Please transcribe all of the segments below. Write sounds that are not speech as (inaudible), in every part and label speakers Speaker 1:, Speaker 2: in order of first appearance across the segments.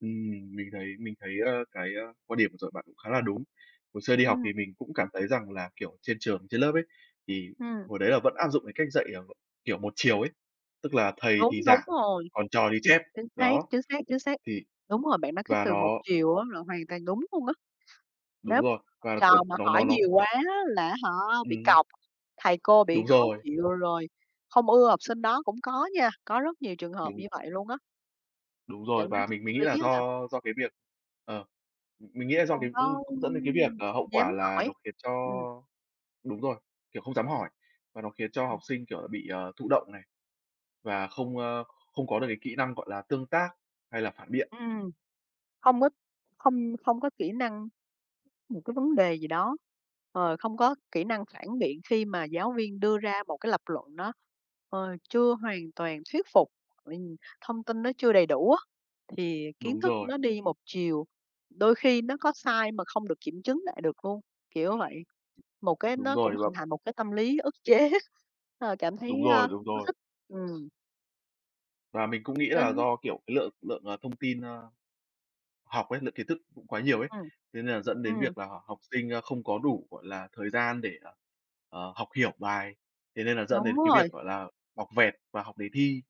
Speaker 1: Ừm, mình thấy mình thấy, ơ, cái, ơ, quan điểm vừa rồi bạn cũng khá là đúng. Hồi xưa đi học thì
Speaker 2: Ừm.
Speaker 1: mình cũng cảm thấy rằng là, kiểu, trên trường, trên lớp ấy, thì
Speaker 2: Ừm.
Speaker 1: hồi đấy là vẫn áp dụng cái cách dạy, à, kiểu, một chiều ấy, tức là thầy thì
Speaker 2: Đúng, đúng
Speaker 1: giảng,
Speaker 2: rồi.
Speaker 1: còn trò thì chép.
Speaker 2: Chính xác,
Speaker 1: Đó,
Speaker 2: chính xác, chính xác.
Speaker 1: thì
Speaker 2: Đúng rồi, bạn nói cái
Speaker 1: và
Speaker 2: từ một
Speaker 1: nó
Speaker 2: chiều á là hoàn toàn đúng luôn á.
Speaker 1: Đúng
Speaker 2: Nếu mà
Speaker 1: rồi
Speaker 2: học
Speaker 1: và, kiểu,
Speaker 2: trò mà
Speaker 1: nó
Speaker 2: hỏi
Speaker 1: nó nó
Speaker 2: nhiều quá là á hả bị
Speaker 1: Ừm hứm.
Speaker 2: cọc, thầy cô bị
Speaker 1: Đúng
Speaker 2: khó
Speaker 1: rồi.
Speaker 2: chịu, rồi không ưa học sinh đó cũng có nha, có rất nhiều trường hợp
Speaker 1: Đúng.
Speaker 2: như vậy luôn á.
Speaker 1: Đúng
Speaker 2: Dẫn
Speaker 1: rồi
Speaker 2: đến
Speaker 1: và
Speaker 2: cái
Speaker 1: mình
Speaker 2: tâm
Speaker 1: mình nghĩ là
Speaker 2: lý á là
Speaker 1: do do cái việc, ờ, m mình nghĩ là do
Speaker 2: không
Speaker 1: cái, ưm,
Speaker 2: có,
Speaker 1: cũng
Speaker 2: ưm,
Speaker 1: dẫn đến cái việc,
Speaker 2: ừm,
Speaker 1: à, hậu
Speaker 2: dám
Speaker 1: quả là nó
Speaker 2: hỏi,
Speaker 1: khiến cho
Speaker 2: ừm.
Speaker 1: đúng rồi, kiểu, không dám hỏi. Và nó khiến cho
Speaker 2: Ừm.
Speaker 1: học sinh, kiểu, là bị, ờ, thụ động này và không, ờ, không có được cái kỹ năng, gọi là, tương tác hay là phản biện.
Speaker 2: Ừm. Hông có, không không có kỹ năng, một cái vấn đề gì đó, ờ, không có kỹ năng phản biện khi mà giáo viên đưa ra một cái lập luận nó, ờ, chưa hoàn toàn thuyết phục, ừm, thông tin nó chưa đầy đủ á, thì kiến
Speaker 1: Đúng
Speaker 2: thức
Speaker 1: rồi.
Speaker 2: nó đi một chiều. Đôi khi nó có sai mà không được kiểm chứng lại được luôn, kiểu vậy. Một cái
Speaker 1: Đúng
Speaker 2: nó cũng
Speaker 1: rồi.
Speaker 2: hình
Speaker 1: (unintelligible)
Speaker 2: thành một cái tâm lý ức chế, ờ, cảm
Speaker 1: Đúng
Speaker 2: thấy, a,
Speaker 1: rồi, đúng
Speaker 2: hông có
Speaker 1: rồi.
Speaker 2: thích, ừm.
Speaker 1: Và mình cũng nghĩ là
Speaker 2: Kênh
Speaker 1: do, kiểu, cái lượng lượng, à, thông tin, à, học ấy, lượng kiến thức cũng quá nhiều ấy.
Speaker 2: Ừm.
Speaker 1: Thế nên là dẫn đến
Speaker 2: Ừm.
Speaker 1: việc là học học sinh, a, không có đủ, gọi là, thời gian để, à, ờ, học hiểu bài, thế nên là dẫn
Speaker 2: Đúng
Speaker 1: đến cái
Speaker 2: rồi.
Speaker 1: việc, gọi là, học vẹt và học đề thi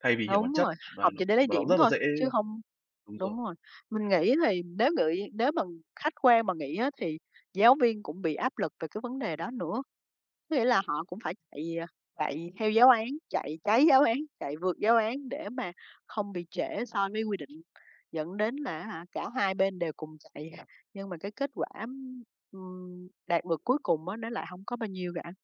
Speaker 1: thay vì hiểu
Speaker 2: Đúng
Speaker 1: bản chất
Speaker 2: rồi,
Speaker 1: và
Speaker 2: học
Speaker 1: nó
Speaker 2: chỉ để lấy
Speaker 1: và nó
Speaker 2: điểm
Speaker 1: cũng rất là
Speaker 2: thôi,
Speaker 1: dễ
Speaker 2: chứ hông
Speaker 1: đúng
Speaker 2: đúng
Speaker 1: rồi.
Speaker 2: rồi. Mình nghĩ thì nếu ngửi nếu mà khách quan mà nghĩ á thì giáo viên cũng bị áp lực về cái vấn đề đó nữa. Có nghĩa là họ cũng phải chạy, à, chạy theo giáo án, chạy cháy giáo án, chạy vượt giáo án để mà không bị trễ so với quy định, dẫn đến là á hả, cả hai bên đều cùng chạy, nhưng mà cái kết quả, ừm, ừm, đạt được cuối cùng á nó lại hông có bao nhiêu cả.